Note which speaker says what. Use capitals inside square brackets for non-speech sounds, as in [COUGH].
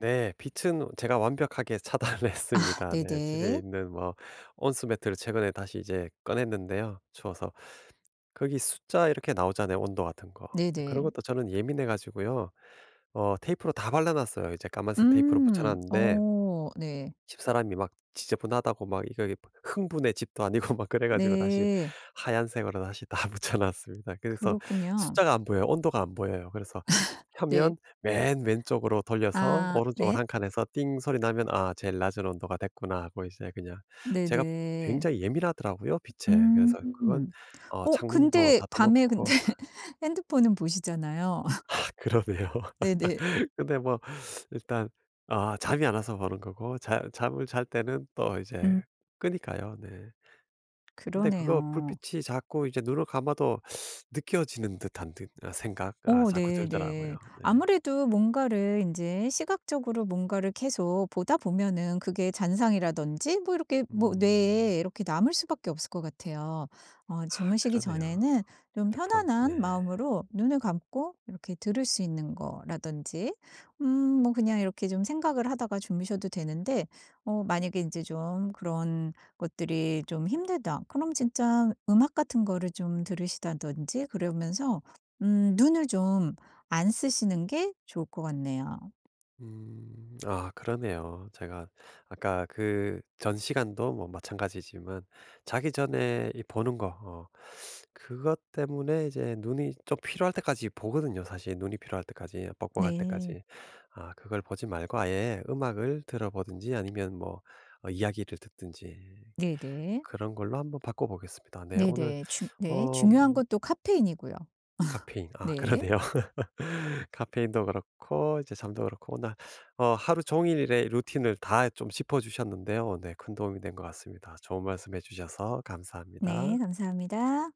Speaker 1: 네. 빛은 제가 완벽하게 차단을
Speaker 2: 아
Speaker 1: 했습니다. 네 집에
Speaker 2: 네네.
Speaker 1: 있는 뭐 온수 매트를 최근에 다시 이제 꺼냈는데요 추워서. 거기 숫자 이렇게 나오잖아요 온도 같은 거. 근데 그런
Speaker 2: 네네.
Speaker 1: 것도 저는 예민해 가지고요. 어 테이프로 다 발라 놨어요. 이제 까만색 테이프로 붙여
Speaker 2: 음
Speaker 1: 놨는데
Speaker 2: 어 네.
Speaker 1: 집사람이 막 지저분하다고 막 이거 이 뭐 흥부네 집도 아니고 막 그래 가지고 다시
Speaker 2: 네.
Speaker 1: 하얀색으로 다시 다 붙여 놨습니다. 그래서
Speaker 2: 그렇군요.
Speaker 1: 숫자가 안 보여요. 온도가 안 보여요. 그래서
Speaker 2: [LAUGHS] 네.
Speaker 1: 펴면 맨 왼쪽으로 돌려서
Speaker 2: 아.
Speaker 1: 오른쪽으로
Speaker 2: 네?
Speaker 1: 1 칸 해서 띵 소리 나면 '아 제일 낮은 온도가 됐구나.' 하고 이제 그냥 제가
Speaker 2: 네네.
Speaker 1: 굉장히 예민하더라고요 빛에. 그래서 그건
Speaker 2: 음.
Speaker 1: 어
Speaker 2: 어
Speaker 1: 창문도
Speaker 2: 근데
Speaker 1: 닫아
Speaker 2: 밤에 근데
Speaker 1: 놓고
Speaker 2: 핸드폰은 보시잖아요. [LAUGHS]
Speaker 1: 아 그러네요.
Speaker 2: 네네.
Speaker 1: [LAUGHS] 근데 뭐 일단 아 잠이 안 와서 보는 거고 자 잠을 잘 때는 또 이제
Speaker 2: 음.
Speaker 1: 끄니까요 네. 근데 그거
Speaker 2: 그러네요.
Speaker 1: 불빛이 자꾸 이제 눈을 감아도 [SUCKS TEETH] 느껴지는 듯한 듯 아 생각 아
Speaker 2: 어
Speaker 1: 자꾸 들더라고요.
Speaker 2: 네네.
Speaker 1: 네.
Speaker 2: 아무래도 뭔가를 인제 시각적으로 뭔가를 계속 보다 보면은 그게 잔상이라든지 뭐 이렇게 뭐
Speaker 1: 음.
Speaker 2: 뇌에 이렇게 남을 수밖에 없을 것 같아요. 어
Speaker 1: 아
Speaker 2: 주무시기
Speaker 1: 그러네요.
Speaker 2: 전에는 좀
Speaker 1: 휴대폰 네.
Speaker 2: 편안한 마음으로 눈을 감고 이렇게 들을 수 있는 거라든지 음 뭐 그냥 이렇게 좀 생각을 하다가 주무셔도 되는데 어 만약에 인제 좀 그런 것들이 좀 힘들다 그럼 진짜 음악 같은 거를 좀 들으시다든지 그러면서 음 눈을 좀 안 쓰시는 게 좋을 것 같네요.
Speaker 1: 음. 아 그러네요. 제가 아까 그전 시간도 뭐 마찬가지지만 자기 전에 이 보는 거 어 그것 때문에 이제 눈이 좀 피로할 때까지 보거든요 사실. 눈이 피로할 때까지 뻑뻑할
Speaker 2: 네.
Speaker 1: 때까지. 아 그걸 보지 말고 아예 음악을 들어 보든지 아니면 뭐 어 이야기를 듣든지
Speaker 2: 네네.
Speaker 1: 그런 걸로 한번 바꿔보겠습니다. 네 오늘
Speaker 2: 네네. 중 네
Speaker 1: 어
Speaker 2: 중요한
Speaker 1: 음
Speaker 2: 건 또 카페인이고요. [LAUGHS]
Speaker 1: 카페인. 아
Speaker 2: 네.
Speaker 1: 그러네요. [LAUGHS] 카페인도 그렇고 이제 잠도 그렇고 오늘 어 하루 종일의 루틴을 다 좀 짚어주셨는데요. 네 큰 도움이 된 것 같습니다. 좋은 말씀해 주셔서
Speaker 2: 네.
Speaker 1: 감사합니다.
Speaker 2: 감사합니다.